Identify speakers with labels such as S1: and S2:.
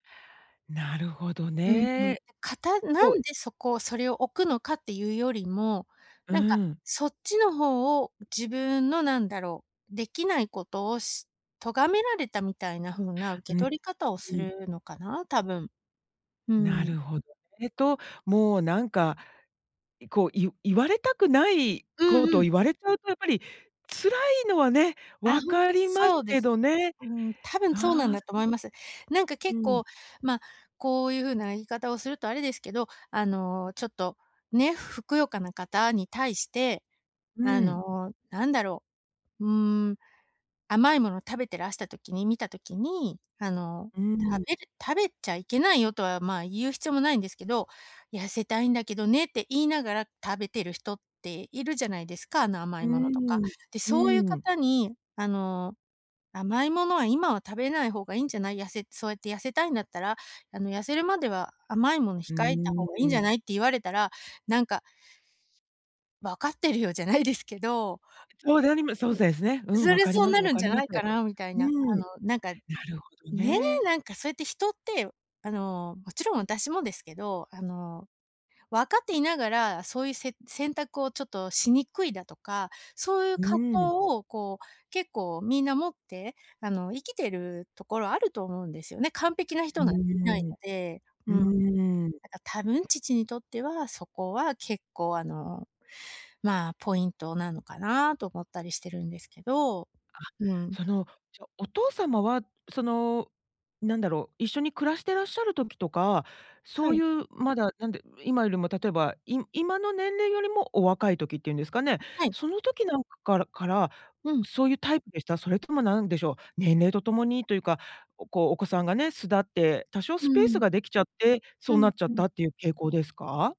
S1: なるほど
S2: うんうん。
S1: ね。
S2: かたな
S1: ほい。
S2: んでそこをそれを置くのかっていうよりも、
S1: う
S2: なんか
S1: ん。
S2: そっちの方を自分の、なんだろう。できないことをし咎められたみたいな風な受け
S1: うん、
S2: 取り方を
S1: う
S2: す
S1: ん。
S2: るのかな、多分。う
S1: な
S2: ん。
S1: るほど。えと、もうなんか、いこうい言われたくない
S2: うん
S1: こ
S2: う
S1: と
S2: ん。
S1: 言われちゃうとやっぱり辛いのはね、
S2: あ、
S1: 分
S2: ほんと
S1: かります
S2: そうで
S1: け
S2: す。
S1: どね。
S2: うーん、多分そうなん
S1: ああ、
S2: だと
S1: そ
S2: 思います。なんか
S1: う
S2: 結
S1: ん。
S2: 構ま、こういう風な言い方をするとあれですけど、あの、ちょっと、ね、ふふくよかな方に対して、
S1: う
S2: あ
S1: ん。
S2: の、なんだろう。うーん。甘いものを食べてらした時に見た時に、あの、
S1: うん。
S2: 食べる食べちゃいけないよとは、まあ言う必要もないんですけど、「痩せたいんだけどね」って言いながら食べてる人っているじゃないですか。あの、甘
S1: う
S2: いものとか。
S1: ーん、
S2: で、
S1: う
S2: そういう
S1: ん。
S2: 方に、あの、「甘いものは今は食べない方がいいんじゃない。痩せそうやって痩せたいんだったら、あの、痩せるまでは甘いもの
S1: う
S2: 控えた方
S1: ー
S2: がいいんじ
S1: ん。
S2: ゃない」って言われたら、なんかわかってるよ。じゃないですけど
S1: そうでありまそう
S2: うん。
S1: せすね。うん。
S2: そ
S1: 分
S2: りゃ
S1: かり
S2: そう
S1: ます
S2: な
S1: 分
S2: るん
S1: か
S2: じ
S1: り
S2: ゃ
S1: ま
S2: な
S1: す。
S2: いかなみたい
S1: う
S2: な、
S1: ん。
S2: あ
S1: な
S2: の、なんか、
S1: るほど
S2: ね。
S1: ね。
S2: なんかそうやって人ってあの、もちろん私もですけど、あの、分かっていながらそういうせ選択をちょっとしにくいだとか、そういう
S1: う
S2: 葛
S1: ー
S2: 藤
S1: ん。
S2: をこう結構みんな持ってあの、生きてるところあると思うんですよね、完璧な
S1: う
S2: 人なんていない
S1: ーん。
S2: ので。
S1: う
S2: うん。なん
S1: ーん。
S2: か多分父にとっては、そこは結構あの、まあ、ポイントなのかなと思ったりしてるんですけど、
S1: あ、
S2: うん。
S1: その、ちょお父様は、その、なんだろう。一緒に暮らしてらっしゃる時とか、そ
S2: は
S1: うい
S2: い。
S1: う、まだ、なんで今よりも例えば、い今の年齢よりもお若い時っていうんですかね。
S2: はい。
S1: その時なんからから、
S2: うん。
S1: そういうタイプでした？それともなんでしょう、年齢とともにというか、ここうお子さんがね、巣立って多少
S2: う
S1: ス
S2: ー
S1: ペース
S2: ん。
S1: ができちゃって、そ
S2: う
S1: うな
S2: ん
S1: っちゃっ
S2: うん。
S1: たっていう傾向ですか？